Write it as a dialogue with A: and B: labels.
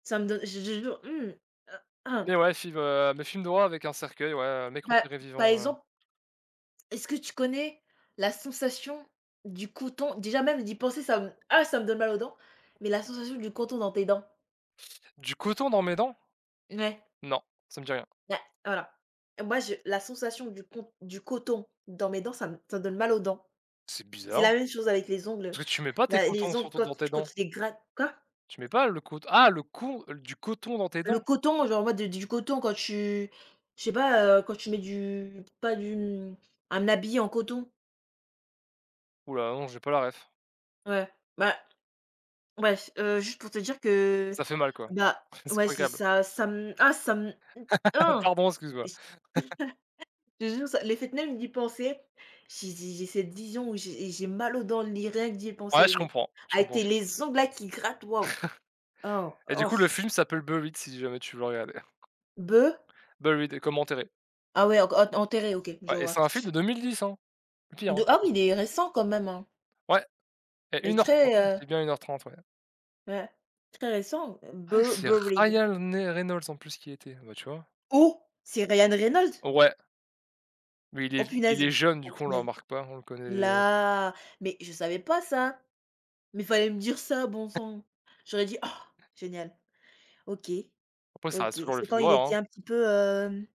A: Ça me donne je je je jure, mmh. Heu,
B: Et
A: ah
B: ouais, film, heu, mais film d'horreur avec un cercueil, ouais, heu, un mec
A: Bah,
B: enterré
A: par
B: vivant, heu.
A: exemple. Est-ce que tu connais, la sensation, du coton? Déjà même d'y penser ça me, ah! Ça me donne mal aux dents, mais la sensation du coton dans tes dents?
B: Du coton dans mes dents?
A: Mouais.
B: Non, ça me dit rien.
A: Ouais, voilà. Moi je la sensation du q on du coton dans mes dents, ça me, ça me donne mal aux dents.
B: C'est
A: C'est
B: bizarre.
A: la même chose avec les ongles,
B: Toi tu mets pas tes
A: la
B: cotons,
A: les ongles
B: surtout
A: quand,
B: dans tes
A: tu quand
B: dents.
A: tu les grattes Quoi?
B: Tu mets pas le cout Ah le coup du coton dans tes
A: Le
B: dents!
A: coton, genre, ouais, de du coton quand tu je sais pas, heu, quand tu mets du pas du hem, un habit en coton.
B: Oula, non j'ai pas la réf!
A: Ouais, bah, bref. Heu, juste pour te dire que,
B: Ça fait mal quoi.
A: bah
B: C'est
A: ouais
B: pas
A: c'est
B: agréable.
A: ça. Ça me, ah ça me, mmh, ah!
B: Pardon excuse-moi.
A: J je te jure, ça le fait même d'y penser, j'ai j'ai j'ai cette vision où, j'ai et j'ai mal aux dents li rien que d'y
B: Ouais,
A: penser
B: je
A: mais,
B: comprends, je
A: avec
B: comprend,
A: tes
B: j
A: les ongles là qui grattent, waouh! Oh,
B: Et du
A: oh
B: coup le
A: f
B: film s'appelle Buried si jamais tu veux le regarder.
A: Be
B: Buried, comme enterré.
A: Ah ouais, o q o t enterré, OK. Je
B: Ouais et c'est
A: vois.
B: un film de 2010, hein. Pire,
A: De
B: hein.
A: ah oui, il est récent quand même, hein.
B: Ouais et
A: Il est
B: 1 heure 30,
A: très heu
B: c'est bien 1 heure 30, ouais.
A: Ouais, très récent?
B: Ah
A: B
B: c'est
A: Buried.
B: Ryan né Reynolds, en plus qui y était, ah, bah, tu vois?
A: Oh, c'est Ryan Reynold?
B: Ouais. Mais il
A: Oh
B: est il
A: punaise!
B: est jeune du
A: Oh
B: coup on le
A: punaise.
B: remarque pas, on le connaît
A: Là, mais, je savais pas ça. Mais il fallait me dire ça, bon
B: [unintelligible]
A: sang! J'aurais dit: «Ah génial!» OK,
B: Après ça reste
A: OK.
B: toujours le
A: C'est quand
B: film
A: il
B: d'horreur,
A: était
B: hein.
A: un petit peu, hem?